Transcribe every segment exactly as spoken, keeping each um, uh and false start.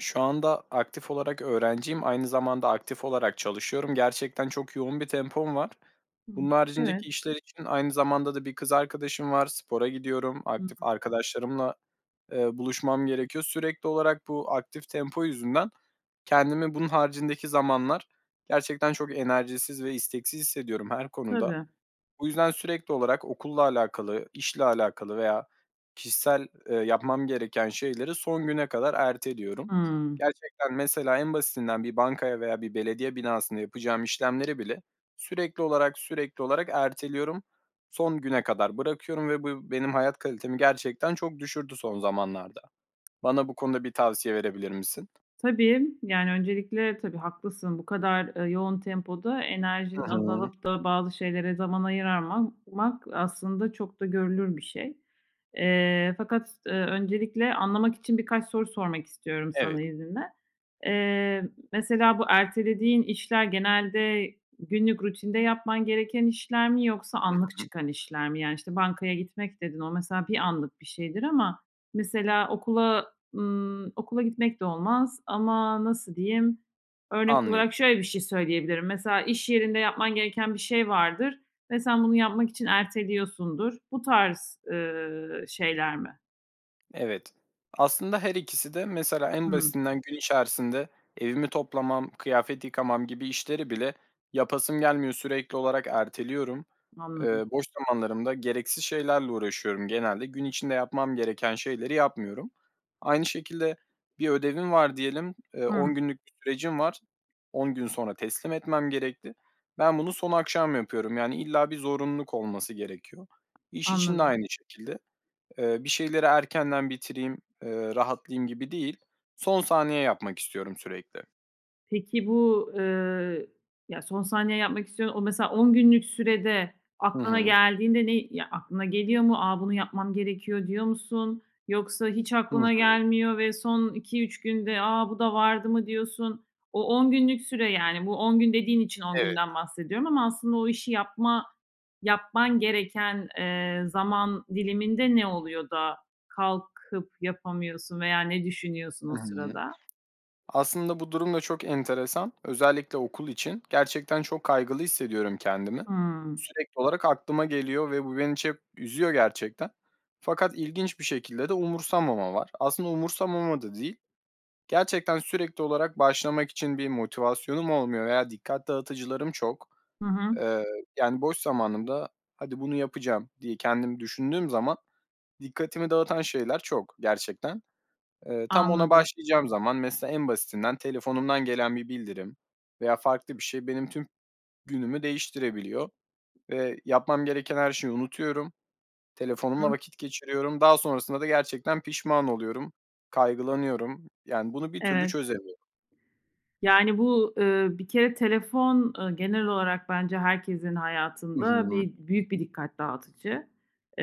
Şu anda aktif olarak öğrenciyim. Aynı zamanda aktif olarak çalışıyorum. Gerçekten çok yoğun bir tempom var. Hıı. Bunun Evet. haricindeki işler için aynı zamanda da bir kız arkadaşım var. Spora gidiyorum. Hıı. Aktif arkadaşlarımla, eee, buluşmam gerekiyor. Sürekli olarak bu aktif tempo yüzünden kendimi bunun haricindeki zamanlar gerçekten çok enerjisiz ve isteksiz hissediyorum her konuda. Tabii. Bu yüzden sürekli olarak okulla alakalı, işle alakalı veya kişisel, eee, yapmam gereken şeyleri son güne kadar erteliyorum. Hıı. Gerçekten mesela en basitinden bir bankaya veya bir belediye binasında yapacağım işlemleri bile sürekli olarak, sürekli olarak erteliyorum. Son güne kadar bırakıyorum ve bu benim hayat kalitemi gerçekten çok düşürdü son zamanlarda. Bana bu konuda bir tavsiye verebilir misin? Tabii, yani öncelikle tabii haklısın, bu kadar, eee, yoğun tempoda Hı enerjinin hı. azalıp da bazı şeylere zaman ayıramaman mak aslında çok da görülür bir şey, eee, fakat s eee, öncelikle anlamak için birkaç soru sormak istiyorum Evet. sana izninle. Eee, mesela bu ertelediğin işler genelde günlük rutinde yapman gereken işler mi yoksa Hı anlık hı. çıkan işler mi? Yani işte bankaya gitmek dedin. O mesela bir anlık bir şeydir ama mesela okula, ımm, okula gitmek de olmaz ama nasıl diyeyim? Örnek Anlıyorum. olarak şöyle bir şey söyleyebilirim. Mesela iş yerinde yapman gereken bir şey vardır ve sen bunu yapmak için erteliyorsundur. Bu tarz, ııı, şeyler mi? Evet, aslında her ikisi de mesela en Hımm. basitinden gün içerisinde evimi toplamam, kıyafet yıkamam gibi işleri bile yapasım gelmiyor, sürekli olarak erteliyorum. Eee, Anladım. boş zamanlarımda gereksiz şeylerle uğraşıyorum genelde. Gün içinde yapmam gereken şeyleri yapmıyorum. Aynı şekilde bir ödevim var diyelim, eee, on Hımm. günlük bir sürecim var. on gün sonra teslim etmem gerekti. Ben bunu son akşam yapıyorum yani illa bir zorunluluk olması gerekiyor. İş için de Anladım. aynı şekilde. Eee, bir şeyleri erkenden bitireyim, eee, rahatlayayım gibi değil. Son saniye yapmak istiyorum sürekli. Peki, bu, eee, ya son saniye yapmak istiyorsun. O mesela on günlük sürede Hı aklına hı. geldiğinde ne, eee, ya, aklına geliyor mu? Aaa, bunu yapmam gerekiyor diyor musun yoksa hiç Hı aklına hı. gelmiyor ve son iki üç günde, aaa, bu da vardı mı diyorsun? O on günlük süre yani bu on gün dediğin için on Evet. günden bahsediyorum ama aslında o işi yapma yapman gereken, eee, zaman diliminde ne oluyor da kalkıp yapamıyorsun veya ne düşünüyorsun Hı o hı. sırada? Aslında bu durum da çok enteresan. Özellikle okul için gerçekten çok kaygılı hissediyorum kendimi. Hımm. Sürekli olarak aklıma geliyor ve bu beni çep üzüyor gerçekten fakat ilginç bir şekilde de umursamama var. Aslında umursamama da değil, gerçekten sürekli olarak başlamak için bir motivasyonum olmuyor veya dikkat dağıtıcılarım çok. Hı hı. Eee, yani boş zamanımda hadi bunu yapacağım diye kendimi düşündüğüm zaman dikkatimi dağıtan şeyler çok gerçekten. Eee, tam ona Anladım. başlayacağım zaman mesela en basitinden telefonumdan gelen bir bildirim veya farklı bir şey benim tüm günümü değiştirebiliyor ve yapmam gereken her şeyi unutuyorum. Telefonumla Hımm. vakit geçiriyorum. Daha sonrasında da gerçekten pişman oluyorum. Kaygılanıyorum yani bunu bir türlü Evet. çözemiyorum. Yani bu, eee, bir kere telefon, eee, genel olarak bence herkesin Hı hayatında hı. bir büyük bir dikkat dağıtıcı.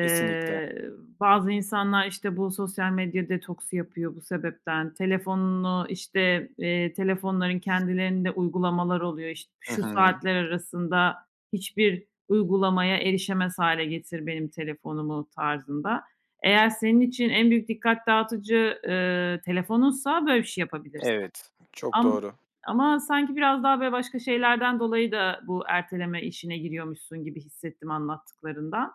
Kesinlikle. bazı insanlar işte bu sosyal medya detoksu yapıyor bu sebepten. Telefonunu işte, eee, telefonların kendilerinde uygulamalar oluyor. İşte Hı "Şu hı. saatler arasında hiçbir uygulamaya erişemez hâle getir benim telefonumu." tarzında. Eğer senin için en büyük dikkat dağıtıcı, eee, telefonunsa böyle bir şey yapabilirsin. Evet, çok Am doğru. ama sanki biraz daha böyle başka şeylerden dolayı da bu erteleme işine giriyormuşsun gibi hissettim anlattıklarından.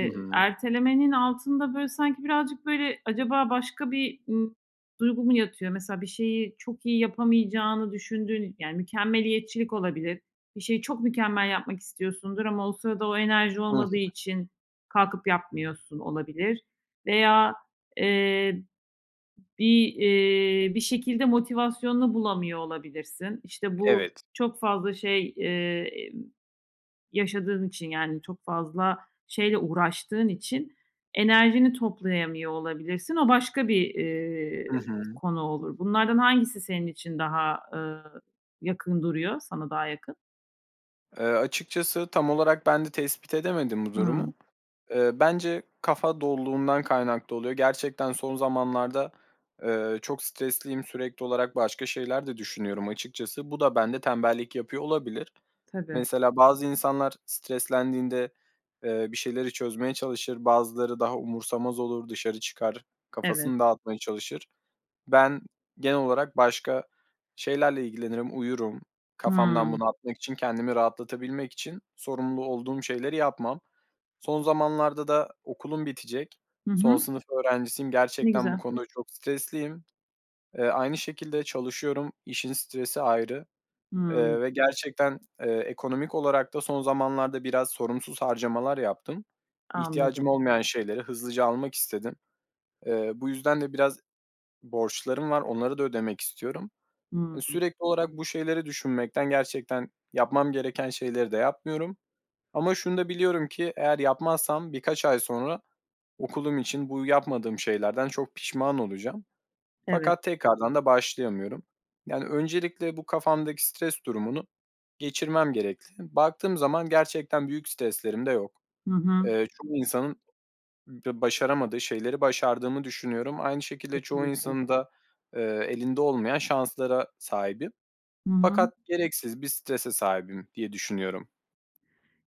Hı hı. ertelemenin altında böyle sanki birazcık böyle acaba başka bir i duygu mu yatıyor mesela? Bir şeyi çok iyi yapamayacağını düşündüğün yani, mükemmeliyetçilik olabilir. Bir şeyi çok mükemmel yapmak istiyorsundur ama o sırada o enerji Hı hı. olmadığı için kalkıp yapmıyorsun olabilir veya, eee, bir, eee, bir şekilde motivasyonunu bulamıyor olabilirsin. İşte bu Evet. çok fazla şey, eee, emm, yaşadığın için, yani, çok fazla şeyle uğraştığın için enerjini toplayamıyor olabilirsin. O başka bir, Hı eee, hı. konu olur. Bunlardan hangisi senin için daha, eee, yakın duruyor sana daha yakın? Eee, açıkçası tam olarak ben de tespit edemedim bu durumu. Hıı. Eee, bence kafa doluluğundan kaynaklı oluyor. Gerçekten son zamanlarda, eee, çok stresliyim, sürekli olarak başka şeyler de düşünüyorum açıkçası. Bu da bende tembellik yapıyor olabilir. Tabii. Mesela bazı insanlar streslendiğinde, eee, bir şeyleri çözmeye çalışır, bazıları daha umursamaz olur, dışarı çıkar, Evet. kafasını dağıtmaya çalışır. Ben genel olarak başka şeylerle ilgilenirim, uyurum. Kafamdan Hıı. bunu atmak için, kendimi rahatlatabilmek için sorumlu olduğum şeyleri yapmam. Son zamanlarda da okulum bitecek. Hı Son hı. sınıf öğrencisiyim. Ne Gerçekten bu güzel. konuda çok stresliyim. Eee, aynı şekilde, çalışıyorum, işin stresi ayrı, Hıı. eee, ve gerçekten, eee, ekonomik olarak da son zamanlarda biraz sorumsuz harcamalar yaptım. İhtiyacım Anladım. olmayan şeyleri hızlıca almak istedim. Eee, bu yüzden de biraz borçlarım var. Onları da ödemek istiyorum. Eee, Hıı. sürekli olarak bu şeyleri düşünmekten, gerçekten yapmam gereken şeyleri de yapmıyorum ama şunu da biliyorum ki, eğer yapmazsam birkaç ay sonra okulum için bu yapmadığım şeylerden çok pişman olacağım Evet. fakat tekrardan da başlayamıyorum. Yani, öncelikle bu kafamdaki stres durumunu geçirmem gerekli. Baktığım zaman gerçekten büyük streslerim de yok. Hı hı. Eee, çoğu insanın b başaramadığı şeyleri başardığımı düşünüyorum. Aynı şekilde, çoğu Kesinlikle. insanın da, eee, elinde olmayan şanslara sahibim Hı hı. fakat gereksiz bir strese sahibim diye düşünüyorum.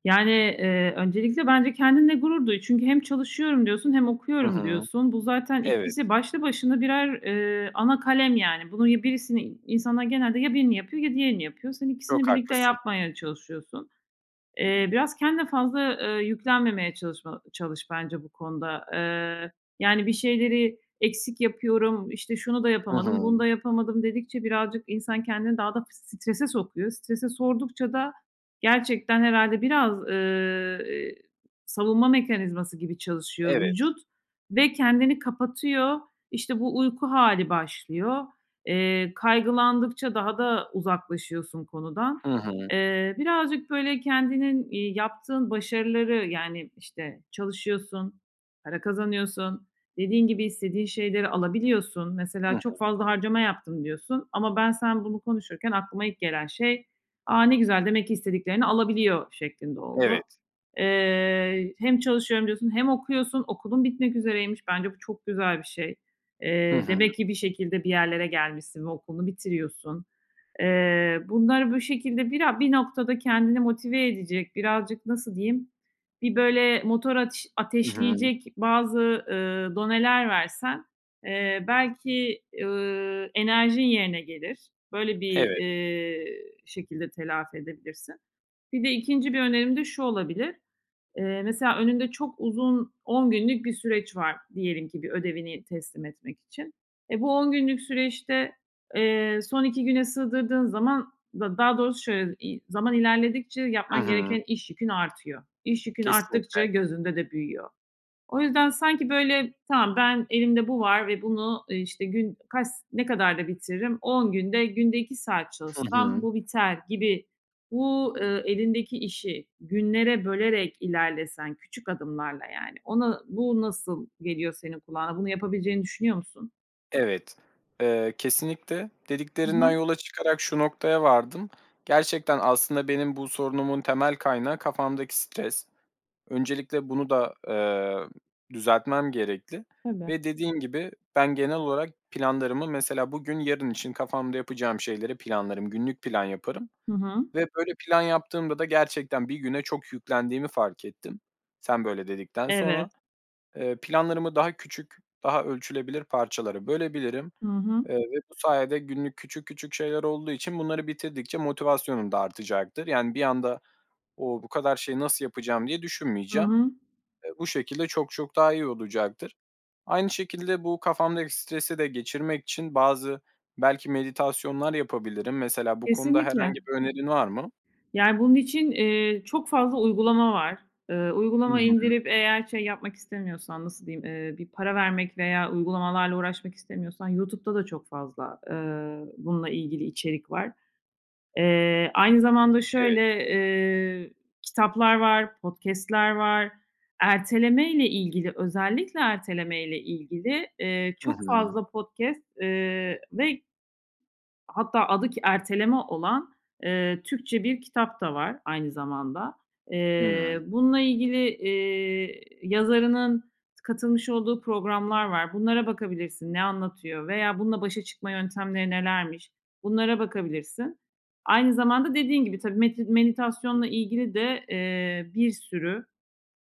Yani, eee, öncelikle bence kendinle gurur duy. Çünkü hem çalışıyorum diyorsun hem Hı okuyorum hı. diyorsun. Bu zaten Evet. ikisi başlı başına birer, eee, ana kalem, yani. Bunun ya birisini i insanlar genelde ya birini yapıyor ya diğerini yapıyor. Sen ikisini Çok birlikte haklısın. yapmaya çalışıyorsun. Eee, biraz kendine fazla, eee, yüklenmemeye çalışma ba çalış bence bu konuda. Eee, yani, bir şeyleri eksik yapıyorum, işte, "şunu da Hı yapamadım, bunu hı. da yapamadım" dedikçe birazcık insan kendini daha da f strese sokuyor. Strese sordukça da gerçekten, herhâlde, biraz, eee, eee, savunma mekanizması gibi çalışıyor Evet. vücut ve kendini kapatıyor. İşte, bu uyku hâli başlıyor. Eee, kaygılandıkça daha da uzaklaşıyorsun konudan. Hı hı. Eee, birazcık, böyle, kendinin, iii, yaptığın başarıları, yani, işte, çalışıyorsun, para kazanıyorsun, dediğin gibi istediğin şeyleri alabiliyorsun. Hı Mesela, "Çok hı. fazla harcama yaptım" diyorsun ama ben, sen bunu konuşurken aklıma ilk gelen şey, "A, ne güzel, demek ki istediklerini alabiliyor" şeklinde oldu. Evet. Eee, hem "çalışıyorum" diyorsun hem okuyorsun, okulun bitmek üzereymiş. Bence bu çok güzel bir şey. Hı Eee, hı. demek ki bir şekilde, bir yerlere gelmişsin ve okulunu bitiriyorsun. Eee, bunları bu şekilde bira bir noktada kendini motive edecek, birazcık nasıl diyeyim, bir böyle motor ateş Hı hı. ateşleyecek bazı, ııı, doneler versen, eee, belki, ııı, enerjin yerine gelir. Böyle bir, Evet. eee, şekilde telafi edebilirsin. Bir de ikinci bir önerim de şu olabilir; eee, mesela önünde çok uzun, on günlük bir süreç var diyelim ki, bir ödevini teslim etmek için. Eee, bu on günlük süreçte, eee, son iki güne sığdırdığın zaman da, daha doğrusu şöyle, iii, zaman ilerledikçe Hı yapman hı. gereken iş yükün artıyor. İş yükün Kesinlikle. arttıkça gözünde de büyüyor. O yüzden, sanki, böyle, tamam ben elimde bu var ve bunu, eee, işte, gün kaç s ne kadar da bitiririm? On günde, günde iki saat Hı çalışsam hı. bu biter gibi. Bu, eee, elindeki işi günlere bölerek ilerlesen, küçük adımlarla yani, ona, bu nasıl geliyor senin kulağına? Bunu yapabileceğini düşünüyor musun? Evet, eee, kesinlikle Hı hı. dediklerinden yola çıkarak şu noktaya vardım. Gerçekten aslında benim bu sorunumun temel kaynağı kafamdaki stres. Öncelikle bunu da, eee, düzeltmem gerekli. Tabii. Ve dediğin gibi, ben genel olarak planlarımı mesela bugün, yarın için kafamda yapacağım şeyleri planlarım, günlük plan yaparım Hı hı. ve böyle plan yaptığımda da gerçekten bir güne çok yüklendiğimi fark ettim sen böyle dedikten sonra. Evet. Eee, planlarımı daha küçük, daha ölçülebilir parçalara bölebilirim, Hı hı. eee, ve bu sayede günlük, küçük küçük şeyler olduğu için bunları bitirdikçe motivasyonum da artacaktır, yani, bir anda, "O, bu kadar şeyi nasıl yapacağım?" diye Hı düşünmeyeceğim. hı. Eee, bu şekilde çok çok daha iyi olacaktır. Aynı şekilde bu kafamdaki stresi de geçirmek için bazı belki meditasyonlar yapabilirim. Mesela bu konuda Kesinlikle herhangi bir önerin var mı? Yani, bunun için, eee, çok fazla uygulama var. Eee, Hı uygulama hı. indirip eğer şey yapmak istemiyorsan, nasıl diyeyim, eee, bir para vermek veya uygulamalarla uğraşmak istemiyorsan YouTube'da da çok fazla, eee, bununla ilgili içerik var. Eee, aynı zamanda Evet. şöyle, eee, kitaplar var, podcast'ler var. Ertelemeyle ilgili özellikle ertelemeyle ilgili, eee, Hı çok hı. fazla podcast, eee, ve Hatta adı ki "Erteleme" olan, ııı, Türkçe bir kitap da var aynı zamanda. Eee, [unintelligible] bununla ilgili, ııı, yazarının t katılmış olduğu programlar var. Bunlara bakabilirsin, ne anlatıyor veya bununla başa çıkma yöntemleri nelermiş, bunlara bakabilirsin. Aynı zamanda dediğin gibi tabii meti menitasyonla ilgili de, ııı, bir sürü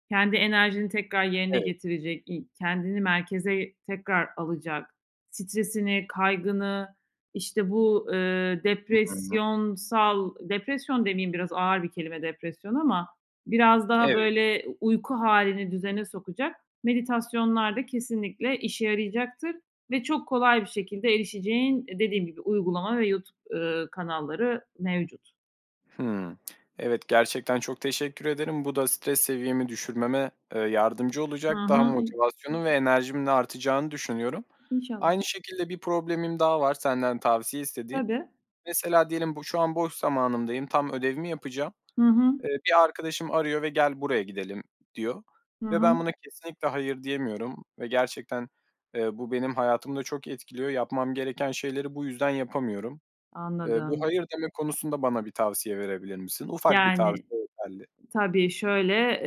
kendi enerjini tekrar yerine Evet. getirecek, i kendini merkeze tekrar alacak, stresini, kaygını, işte, bu, ııı, Hı hı. depresyonsal, depresyon demeyeyim biraz ağır bir kelime depresyon ama biraz daha Evet. böyle u uyku hâlini düzene sokacak meditasyonlar da kesinlikle işe yarayacaktır ve çok kolay bir şekilde erişeceğin, eee, dediğim gibi uygulama ve YouTube, ııı, kanalları mevcut. Hımm, evet, gerçekten çok teşekkür ederim. Bu da stres seviyemi düşürmeme, ııı, yardımcı Hı olacak. Daha hı. İ motivasyonum ve enerjimin de artacağını düşünüyorum. İnşallah. Aynı şekilde bir problemim daha var senden tavsiye istediğim. Tabii. Mesela diyelim bu, şu an boş zamanımdayım, tam ödevimi yapacağım. Hı hı. Iıı, bir arkadaşım arıyor ve, "Gel, buraya gidelim." diyor Hı ve ben hı. buna kesinlikle hayır diyemiyorum ve gerçekten, ııı, bu benim hayatımı da çok etkiliyor. Yapmam gereken şeyleri bu yüzden yapamıyorum. Iıı, bu Anladım. "hayır" deme konusunda bana bir tavsiye verebilir misin? Ufak bir Yani, tavsiye yeterli. tabii, şöyle,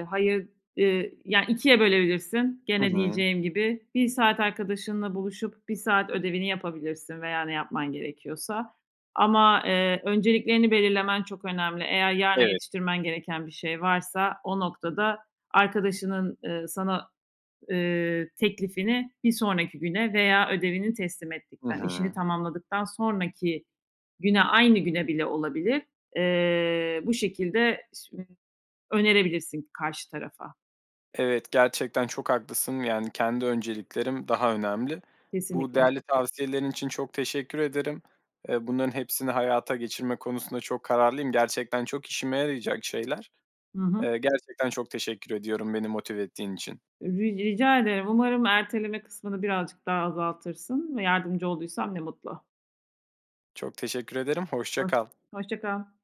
ııı, hayır, ııı, ya, ikiye bölebilirsin Hı gene hı. diyeceğim gibi bir saat arkadaşınla buluşup bir saat ödevini yapabilirsin veya ne yapman gerekiyorsa. Ama, ııı, önceliklerini belirlemen çok önemli. Eğer yarına Evet. yetiştirmen gereken bir şey varsa o noktada arkadaşının, ııı, sana, ııı, teklifini bir sonraki güne veya ödevini teslim Hı ettikten, işini hı. tamamladıktan sonraki güne, aynı güne bile olabilir. Eee, bu şekilde [unintelligible] önerebilirsin karşı tarafa. Evet, gerçekten çok haklısın, yani, kendi önceliklerim daha önemli. Bu Kesinlikle. değerli tavsiyelerin için çok teşekkür ederim. Iıı, bunların hepsini hayata geçirme konusunda çok kararlıyım. Gerçekten çok işime yarayacak şeyler. Hı hı. Eee, gerçekten çok teşekkür ediyorum beni motive ettiğin için. Ri rica ederim, umarım erteleme kısmını birazcık daha azaltırsın ve yardımcı olduysam ne mutlu. Çok teşekkür ederim, hoşça Hoş kal. hoşça kal.